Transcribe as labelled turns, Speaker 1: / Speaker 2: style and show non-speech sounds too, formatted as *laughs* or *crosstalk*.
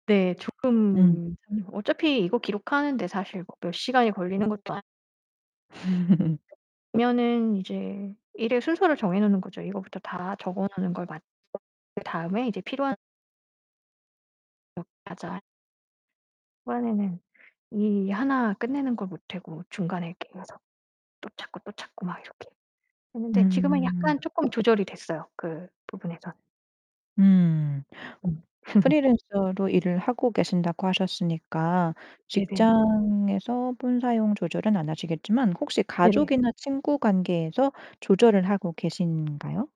Speaker 1: 네.
Speaker 2: 음.
Speaker 1: 조금 *unintelligible* 어차피 이거 기록하는데 사실 뭐 몇 시간이 걸리는 것도 아
Speaker 2: *laughs*
Speaker 1: 그러면은 이제 일의 순서를 정해 놓는 거죠. 이거부터 다 적어 놓는 걸 맞춰 그 다음에 이제 필요한 어 맞아요. 초반에는 이 하나 끝내는 걸 못하고 중간에 이렇게 해서 또 찾고, 또 찾고 막 이렇게 했는데 지금은
Speaker 2: 음.
Speaker 1: 약간 쪼끔 조절이 됐어요, 그 부분에선.
Speaker 2: 음.
Speaker 1: 음. *laughs*
Speaker 2: 프리랜서로 일을 하고 계신다고 하셨으니까
Speaker 1: 네네.
Speaker 2: 직장에서 폰 사용 조절은 안 하시겠지만 혹시
Speaker 1: 네네.
Speaker 2: 가족이나 친구 관계에서 조절을 하고 계신가요?